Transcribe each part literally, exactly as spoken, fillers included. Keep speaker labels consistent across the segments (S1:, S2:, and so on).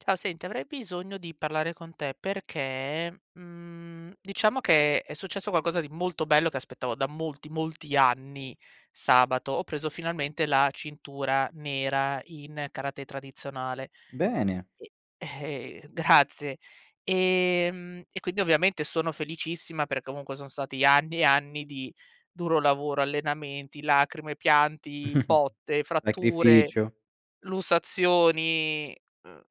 S1: Ciao. Senti, avrei bisogno di parlare con te perché, mhmm, diciamo che è successo qualcosa di molto bello che aspettavo da molti, molti anni. Sabato ho preso finalmente la cintura nera in karatè tradizionale
S2: Bene!
S1: e Grazie! Ehm, e quindi, ovviamente, sono felicissima, per comunque, sono stati anni e anni di duro lavoro. Allenamenti, lacrime, pianti, botte, fratture,
S2: acrificio.
S1: lussazioni, uhm,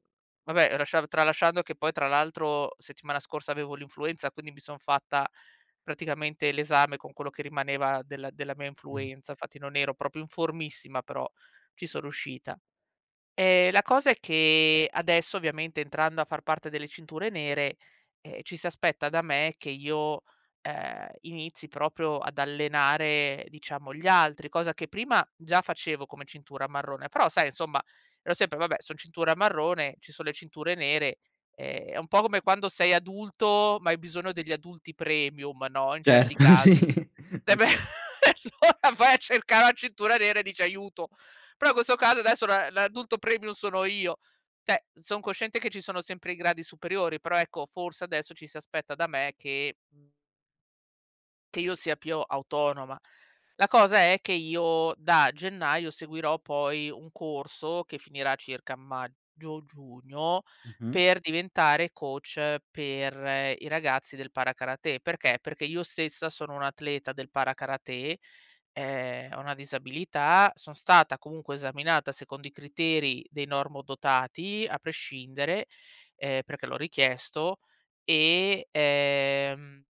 S1: vabbè, lasciado tralasciando che poi, tra l'altro, settimana scorsa avevo l'influenza, quindi mi son fatta praticamente l'esame con quello che rimaneva della della mia
S2: Mh-mh.
S1: influenza. nfatti, non ero proprio in formissima, però ci so ruscita. Ehm, la cosa è che adesso, ovviamente, entrando a far parte delle cinture nere, ehm, ci si aspetta da me che io, ehm, inizi proprio ad allenare, diciamo, gli altri, cosa che prima già facevo come cintura marrone. Però, sai, insomma, ero sempre: "Vabbè, son cintura marrone, ci son le cinture nere". Ehm, è un po' come quando sei adulto, ma hai bisogno degli adulti premium no, in certi
S2: Certo, sì.
S1: casi. Eh beh
S2: [unintelligible]
S1: e allora vai a cercà la cintura nera e dice: "Aiuto". prò questo caso, adesso, la l'adulto premium sono io! ceh, son cosciente che ci sono sempre i gradi superiori, però, ecco, forse adesso ci si aspetta da me che, mhmm che io sia piò autonoma. La cosa è che io, da gennaio, seguirò poi un corso, che finirà circa a maggio, giugno,
S2: Mh-mh.
S1: per diventare coach per i ragazzi del para-karatè. Perché? Perché io stessa sono un'atleta del para-karatè. Ehm, ho una disabilità, son stata comunque esaminata secondo i criteri dei normodotati, a prescindere, ehm, perché l'ho richiesto. E ehm,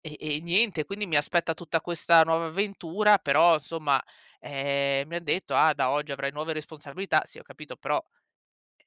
S1: e e niente. Quindi mi aspetta tutta questa nuova avventura. Però, somma, ehm, mi han detto: "Ah, da oggi avrai nuove responsabilità". Sì, ho capito, però,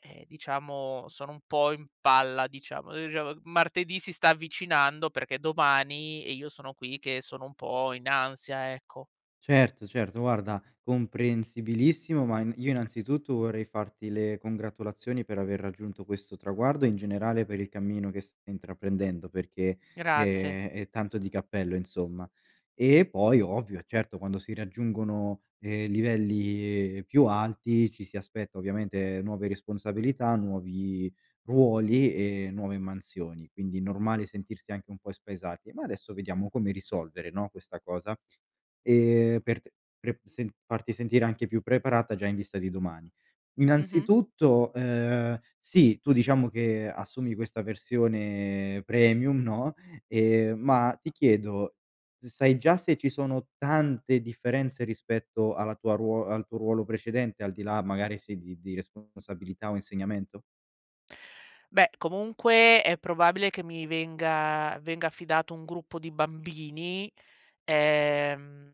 S1: ehm, diciamo, sono un po' in palla, diciamo. [unintelligible] Martedì si sta avvicinando, perché è domani e io sono qui che sono un po' in ansia, ecco.
S2: Certo, certo, guarda, comprensibilissimo. Ma in io innanzitutto vorrei farti le congratulazioni per aver raggiunto questo traguardo, e in generale, per il cammino che st intraprendendo, perché,
S1: Grazie.
S2: ehm, eh, tanto di cappello, insomma. E poi, ovvio, certo, quando si raggiungono, ehm, livelli più alti, ci si aspetta ovviamente nuove responsabilità, nuovi ruoli e nuove mansioni, quindi normale sentirsi anche un po' spaesati. Ma adesso vediamo come risolvere, no, questa cosa. E, per te pre sen farti sentire anche più preparata già in vista di domani.
S1: Mh-mh.
S2: Innanzitutto, ehm, sì, tu, diciamo che assumi questa versione "premium" no ehm, ma ti chiedo, sai già se ci sono tante differenze rispetto alla tua ruo al tuo ruolo precedente? Al di là, magari, se di di responsabilità o insegnamento?
S1: Beh, comunque è probabile che mi venga venga affidato un gruppo di bambini. Ehm,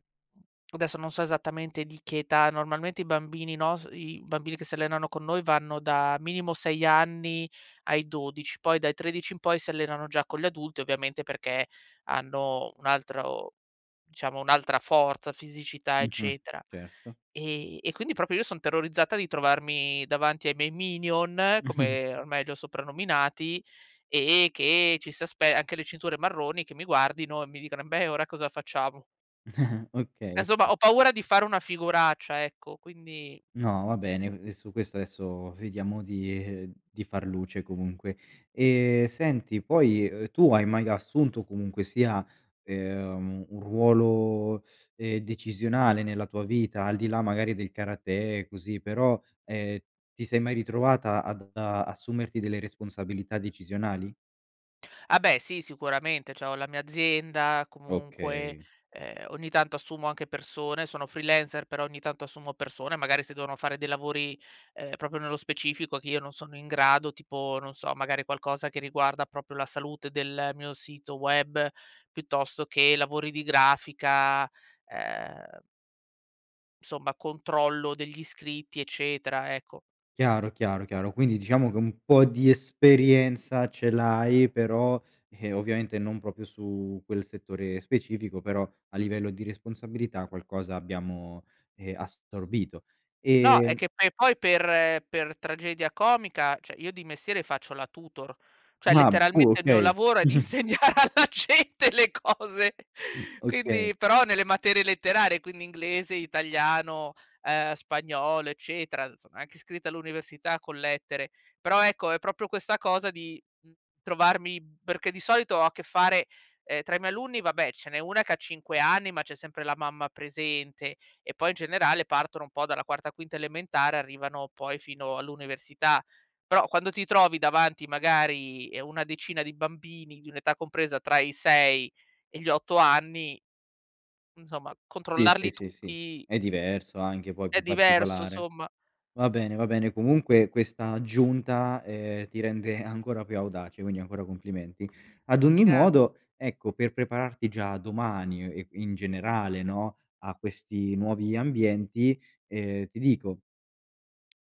S1: adesso non so esattamente di che età. Normalmente i bambini nos i bambini che si allenano con noi vanno da minimo sei anni ai dodici, poi dai tredici in poi si allenano già con gli adulti, ovviamente, perché hanno un altro diciamo, un'altra forza, fisicità,
S2: Mh-mh,
S1: eccetera.
S2: certo.
S1: E e quindi proprio io son terrorizzata di trovarmi davanti ai miei Minion, come ormai li ho soprannominati e che ci si aspe anche le cinture marroni, che mi guardino e mi dicano: "Embè ora cosa facciamo?".
S2: Okay,
S1: E somma,
S2: oka.
S1: ho paura di fare una figuraccia, ecco, quindi
S2: No, va bene, ehm, su questo aesso, vediamo di di far luce, comunque. E, senti, poi, uhm, tu hai mai assunto, comunque sia, ehm, un ruolo, ehm, decisionale nella tua vita, al di là, magari, del karatè, così, però, ehm, ti sei mai ritrovata ad ad assumerti delle responsabilità decisionali?
S1: Ah, beh, sì, sicuramente. Cioè ho la mia azienda, comunque,
S2: Okay.
S1: ehm, ogni tanto assumo anche persone, sono freelancer però ogni tanto assumo persone, magari se devono fare dei lavori, ehm, proprio nello specifico che io non sono in grado, tipo, non so, magari qualcosa che riguarda proprio la salute del mio sito web, piuttosto che lavori di grafica, ehm somma controllo degli iscritti, eccetera, ecco.
S2: Chiaro, chiaro, chiaro, quindi diciamo che un po' di esperienza ce l'hai, però, ehm, ovviamente non proprio su quel settore specifico. Però, a livello di responsabilità qualcosa abbiamo, ehm, assorbito.
S1: No, è
S2: E
S1: che poi poi per per tragedia comica, ceh, io di mestiere faccio la tutor. ceh,
S2: [unintelligible]
S1: letteralmente il mio
S2: Okay.
S1: lavoro è di insegnare alla gente le cose,
S2: Mh, okay.
S1: quindi però nelle materie letterarie, quindi inglese, italiano, uhm, spagnolo, eccetera. Sono anche iscritta all'università con lettere, però, ecco, è proprio questa cosa di, mhmm, trovarmi perché di solito ho a che fare ehm, tra i miei alunni, vabbè, ce n'è una che ha cinque anni, ma c'è sempre la mamma presente. E poi, in generale, partono un po' dalla quarta, quinta elementare, arrivano poi fino all'università. Però, quando ti trovi davanti, magari, e una decina di bambini, di un'età compresa tra i sei e gli otto anni insomma
S2: Sì, sì,
S1: controllarli
S2: sì, sì.
S1: tuti,
S2: È
S1: ehm,
S2: diverso anche, poi,
S1: è
S2: più
S1: diverso,
S2: particolare.
S1: somma.
S2: Va bene, va bene, comunque questa aggiunta, ehm, ti rende ancora più audace, quindi ancora complimenti. Ad ogni
S1: Grazie.
S2: modo, ecco, per prepararti già domani, uhm, e in generale, no, a questi nuovi ambienti, ehm, ti dico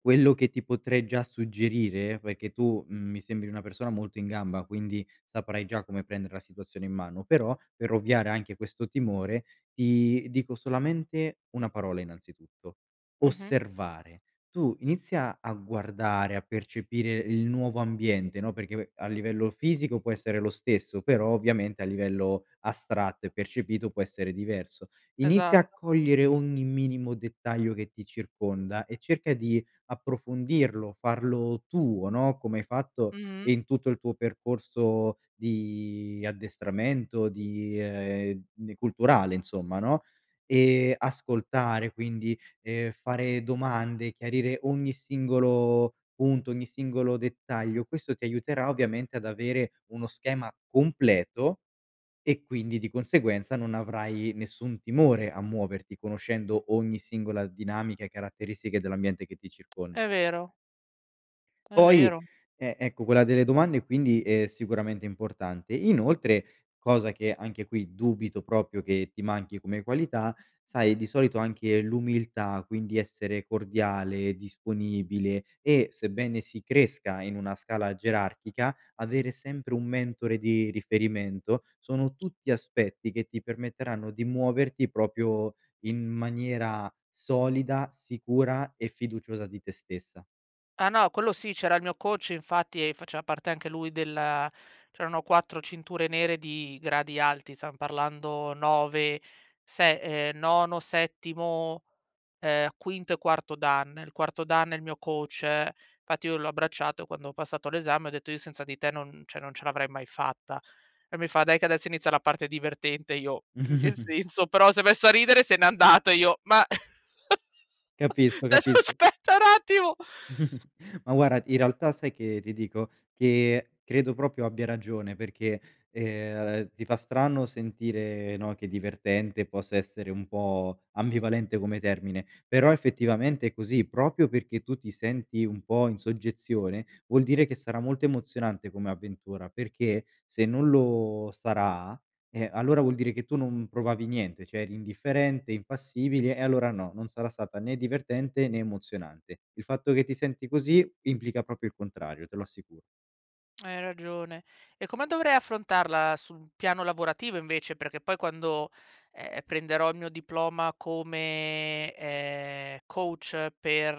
S2: quello che ti potrei già suggerire, perché tu, mhmm, mi sembri una persona molto in gamba, quindi saprai già come prendere la situazione in mano, però per ovviare anche questo timore, ti dico solamente una parola, innanzitutto:
S1: Mh-mh.
S2: osservare. Tu inizia a guardare, a percepire il nuovo ambiente, no, perché ve a livello fisico può essere lo stesso, però, ovviamente, a livello astratto e percepito, può essere diverso. Inizia a
S1: Esatto.
S2: cogliere ogni minimo dettaglio che ti circonda, e cerca di approfondirlo, farlo tuo, no, come hai fatto
S1: Mh-mh.
S2: in tutto il tuo percorso di addestramento, di, ehm, ne culturale insomma, no? Ehm, ascoltare, quindi, ehm, fare domande, chiarire ogni singolo punto, ogni singolo dettaglio. Questo ti aiuterà, ovviamente, ad avere uno schema completo, e quindi, di conseguenza, non avrai nessun timore a muoverti, conoscendo ogni singola dinamica e caratteristiche dell'ambiente che ti
S1: È
S2: circonda.
S1: vero. È
S2: Poi,
S1: vero.
S2: e ecco quella delle domande, quindi, è sicuramente importante. Inoltre, cosa che anche qui dubito propio che ti manchi come qualità, sai di solito, anche l'umiltà quindi essere cordiale, disponibile, e sebbene si cresca in una scala gerarchica avere sempre un mentore di riferimento sono tutti aspetti che ti permetteranno di muoverti propio in maniera solida, sicura e fiduciosa di te stessa.
S1: Ah no, quello sì. C'era il mio coach, infatti, e faceva parte anche lui della c'erano quattro cinture nere di gradi alti, zan parlando nove, se ehm, nono, settimo, ehm, quinto e quarto dan. Il quarto dan è il mio coach, fatti io l'ho abbracciato quando ho passato l'esame e o detto: "Io senza di te non cioè, non ce l'avrei mai fatta." E mi fa: "Dai che adesso inizia la parte divertente." Io: "In che senso?" Però s'è messo a ridere e se n'è andato e io: "Ma"
S2: Capisco,
S1: desso
S2: capisco.
S1: aspetta n attimo!
S2: Ma guarda, in realtà, sai che ti dico? Che credo proprio abbia ragione, perché, ehm, ti fa strano sentire, no, che divertente possa essere un po' ambivalente come termine, però effettivamente è così, propio perché tu ti senti un po' in soggezione, vuol dire che sarà molto emozionante come avventura, perché se non lo sarà, eh, allora vuol dire che tu non provavi niente, cioè, eri indifferente, impassibile e allora no, non sarà stata né divertente né emozionante. Il fatto che ti senti così, implica propio il contrario. Te lo assicuro.
S1: Hai ragione. E come dovrei affrontarla su un piano lavorativo, invece? Perché poi quando, e ehm, prenderò il mio diploma come, ehm, coach per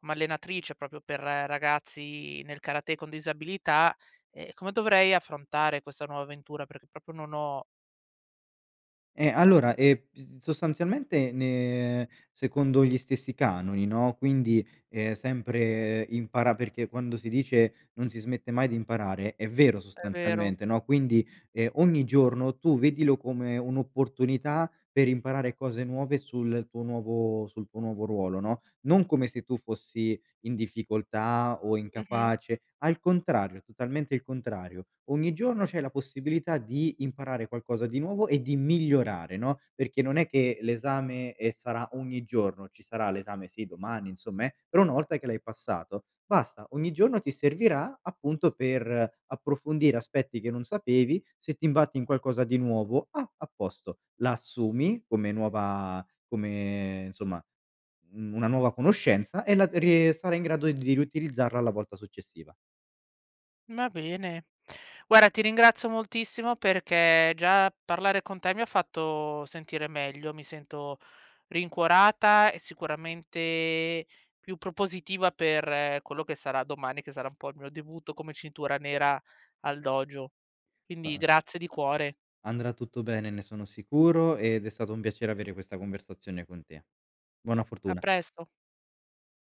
S1: m allenatrice, propio per ragazzi nel karatè con disabilità, ehm, come dovrei affrontare questa nuova avventura? Perché proprio non ho
S2: Eh, allora, ehm, sostanzialmente ne secondo gli stessi canoni, no? Quindi, ehm, sempre impara perché quando si dice: "Non si smette mai di imparare", è vero
S1: È vero.
S2: sostanzialmente, no? Quindi, ehm, ogni giorno tu vedilo come un'opportunità per imparare cose nuove sul tuo nuovo sul tuo nuovo ruolo, no? Non come se tu fossi in difficoltà o
S1: Mh-mh.
S2: incapace, al contrario, totalmente il contrario. Ogni giorno c'è la possibilità di imparare qualcosa di nuovo e di migliorare, no? Perché non è che l'esame, ehm, sarà ogni giorno. Ci sarà l'esame, sì, domani insomma, eh. Però, una volta che l'hai passato, basta, ogni giorno ti servirà, appunto, per approfondire aspetti che non sapevi, se ti imbatti in qualcosa di nuovo, ah, a posto, la assumi come nuova come, insomma, mhmm, una nuova conoscenza e la rie sarai in grado di riutilizzarla la volta successiva.
S1: Va bene. guara ti ringrazio moltissimo, perché già parlare con te mi ha fatto sentire meglio. Mi sento rincuorata e sicuramente più propositiva per quello che sarà domani, che sarà un po' il mio debutto, come cintura nera, al dojo, quindi
S2: [unintelligible]
S1: grazie di cuore.
S2: Andrà tutto bene, ne sono sicuro ed è stato un piacere avere questa conversazione con te. Buona
S1: A
S2: fortuna!
S1: presto.